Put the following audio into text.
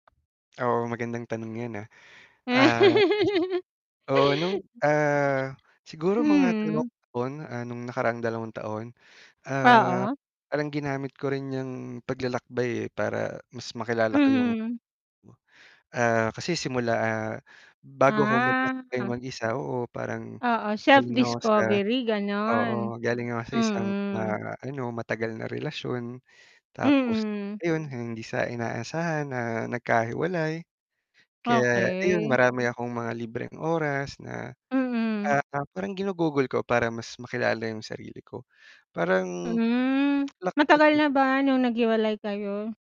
Oo, magandang tanong 'yan, ah. Ah. Ah, [unintelligible] oo' nung, ah, siguro mga dalawang Mm. taon ah, nung nakaraang dalawang taon. Ah, Oo. parang ginamit ko rin niyang paglalakbay, eh, para mas makilala ko yung Mm. Ah, kasi simula, ah, bago ako maglakbay Ah. mag-isa oo, parang Oo, self galing ako sa discovery, oo, gano'n. galing ako sa isang, Mm. ah, ano, matagal na relasyon tapos Mm. ayun hindi sa inaasahan, ah, nagkahiwalay. Kaya ayun, Okey. marami akong mga libreng oras na, Mm. ah, parang ginugugol ko para mas makilala yung sarili ko. Parang, Hmm, lak matagal na [unintelligible] ba nung naghiwalay kayo?